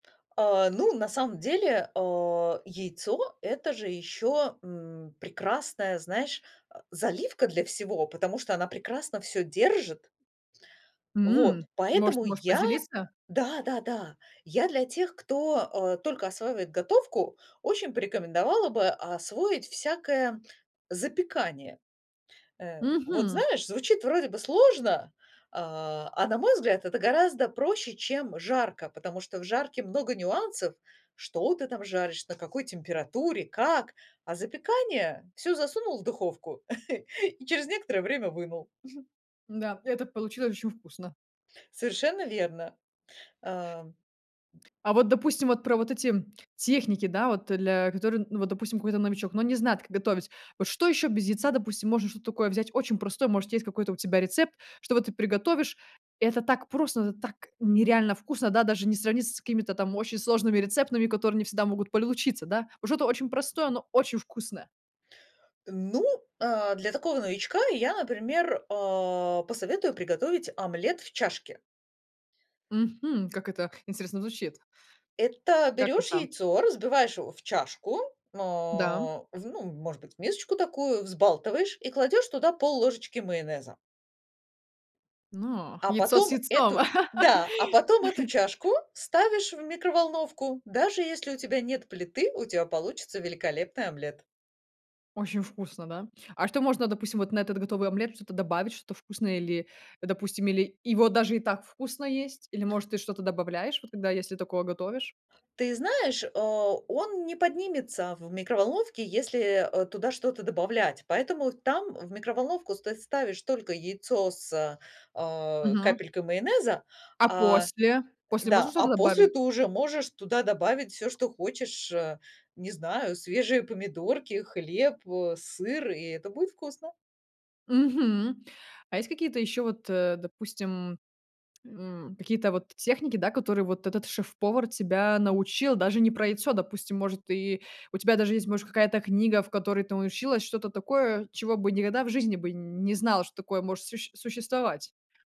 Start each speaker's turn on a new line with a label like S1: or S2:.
S1: А, ну, на самом деле, э, яйцо- это же ещё, м, прекрасная, знаешь, а, заливка для всего, потому что она прекрасно всё держит.
S2: М
S1: Вот
S2: может,
S1: поэтому
S2: можешь
S1: я
S2: поделиться?
S1: да-да-да, я для тех, кто, э, только осваивает готовку, очень порекомендовала бы освоить всякое, м, запекание. Э, вот
S2: Мгм.
S1: знаешь, звучит вроде бы сложно, а а на мой взгляд, это гораздо проще, чем жарка, потому что в жарке много нюансов: что ты там жаришь, на какой температуре, как. А запекание- всё засунул в духовку и через некоторое время вынул.
S2: Н-да, это получилось очень вкусно.
S1: Совершенно верно, ам.
S2: А вот, допустим, вот про вот эти, м, техники, да, вот, э, для которые н ну, вот, допустим, какой-то новичок, но он не знает, как готовить. Вот что ещё без яйца, допустим, можно что-то такое взять очень простое, может, есть какой-то у тебя рецепт, чтоб вот ты приготовишь, это так просто, это так нереально вкусно, да, даже не сравнится с какими-то там очень сложными рецептами, которые не всегда могут получиться, да? Уже то очень простое, но очень вкусное.
S1: Э, ну, а, для такого новичка я, например, а, посоветую приготовить омлет в чашке.
S2: Мгм, как это интересно звучит.
S1: Это
S2: Как
S1: берешь
S2: это?
S1: яйцо, разбиваешь его в чашку, мэ,
S2: Да, м.
S1: в ну, может быть, в мисочку такую, взбалтываешь и кладешь туда пол-ложечки майонеза.
S2: Но
S1: А
S2: яйцо с
S1: потом эту
S2: яйцом?
S1: и, да, а потом эту чашку ставишь в микроволновку. Даже если у тебя нет плиты, у тя получится великолепный омлет.
S2: Очень вкусно, да? А что можно, допустим, вот на этот готовый омлет что-то добавить, что-то вкусное или, э, допустим, или его даже и так вкусно есть, или, может, ты что-то добавляешь, вот когда, если такое готовишь?
S1: Ты знаешь, э, он не поднимется в микроволновке, если, э, туда что-то добавлять, поэтому там в микроволновку стать ставишь только яйцо с, э,
S2: Мгм.
S1: капелькой майонеза,
S2: А
S1: а, э,
S2: после? После
S1: да,
S2: можно
S1: а
S2: что-то
S1: после
S2: добавить?
S1: ты уже можешь туда добавить всё, что хочешь. Э, не знаю, свежие помидорки, хлеб, э, сыр, и это будет вкусно.
S2: Мгм. А есть какие-то ещё вот, э, допустим, м, какие-то вот техники, да, которые вот этот шеф-повар тебя научил, даже не про яйцо, допустим, может, и у тебя даже есть, может, какая-то книга, в которой ты научилась что-то такое, чего бы никогда в жизни бы не знала, что такое может сущь существовать.